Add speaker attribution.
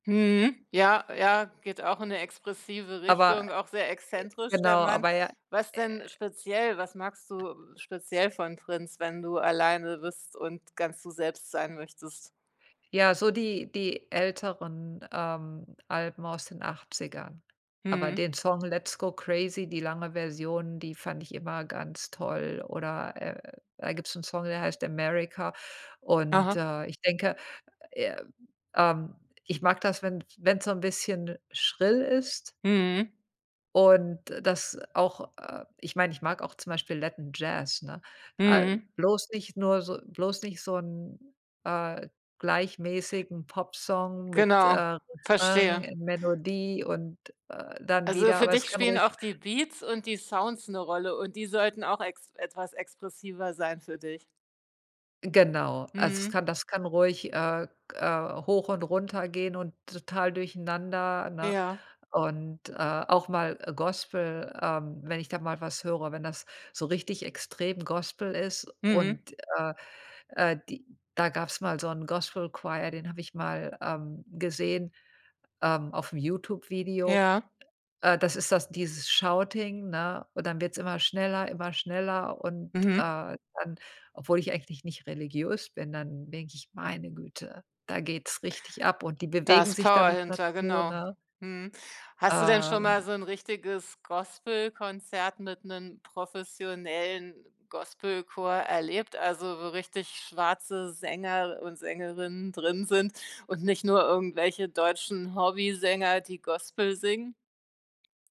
Speaker 1: Mhm. Ja, ja, geht auch in 'ne expressive
Speaker 2: Aber,
Speaker 1: Richtung, auch sehr
Speaker 2: e
Speaker 1: exzentrisch, der
Speaker 2: genau,
Speaker 1: Mann.
Speaker 2: aber ja,
Speaker 1: Was denn
Speaker 2: äh
Speaker 1: speziell was magst du speziell von Prince, wenn du alleine bist und ganz du selbst sein möchtest?
Speaker 2: Ja, so die die älteren, ähm, Alben aus den 80ern, aber
Speaker 1: Mhm.
Speaker 2: den Song „Let's go crazy“, die lange Version, die fand ich immer ganz toll, oder, äh, da gibt's 'n Song, der heißt „America“ und,
Speaker 1: Aha.
Speaker 2: äh, ich denke, äh, ähm ich mag das, wenn wenn's so 'n bisschen schrill ist
Speaker 1: Mhm.
Speaker 2: und das auch äh, ich meine, ich mag auch zum Beispiel Latin Jazz, ne? Äh,
Speaker 1: Mhm.
Speaker 2: bloß nicht nur so bloß nicht so 'n, äh, gleichmäßigen Popsong mit,
Speaker 1: Genau,
Speaker 2: äh, Refrain
Speaker 1: verstehe.
Speaker 2: und Melodie und, äh, dann
Speaker 1: Also
Speaker 2: wieder
Speaker 1: für
Speaker 2: aber es
Speaker 1: dich
Speaker 2: kann
Speaker 1: spielen
Speaker 2: ruhig
Speaker 1: auch die Beats und die Sounds 'ne Rolle und die sollten auch ex etwas expressiver sein für dich.
Speaker 2: Genau, also es
Speaker 1: Mhm.
Speaker 2: kann das kann ruhig, äh, äh, hoch und runter gehen und total durcheinander, ne?
Speaker 1: Ja.
Speaker 2: Und, äh, auch mal Gospel ähm, wenn ich da mal was höre wenn das so richtig extrem Gospel ist
Speaker 1: Mhm.
Speaker 2: und, äh, äh, die da gab's mal so 'n Gospel-Choir, den habe ich mal, ähm, gesehen, ähm, auf'm YouTube-Video.
Speaker 1: Ja.
Speaker 2: Äh, das ist das dieses Shouting, ne, und dann wird's immer schneller, immer schneller und,
Speaker 1: Mhm.
Speaker 2: äh, dann obwohl ich eigentlich nicht religiös bin, dann denke ich: „Meine Güte, da geht's richtig ab”, und die
Speaker 1: Da
Speaker 2: bewegen
Speaker 1: ist
Speaker 2: sich dann
Speaker 1: Power
Speaker 2: so
Speaker 1: hinter,
Speaker 2: dazu,
Speaker 1: genau.
Speaker 2: ne?
Speaker 1: Mhm. Hast du denn schon mal
Speaker 2: Ähm
Speaker 1: so 'n richtiges Gospelkonzert mit 'nen professionellen Gospelchor erlebt, also wo richtig schwarze Sänger und Sängerinnen drin sind und nicht nur irgendwelche deutschen Hobbysänger, die Gospel singen?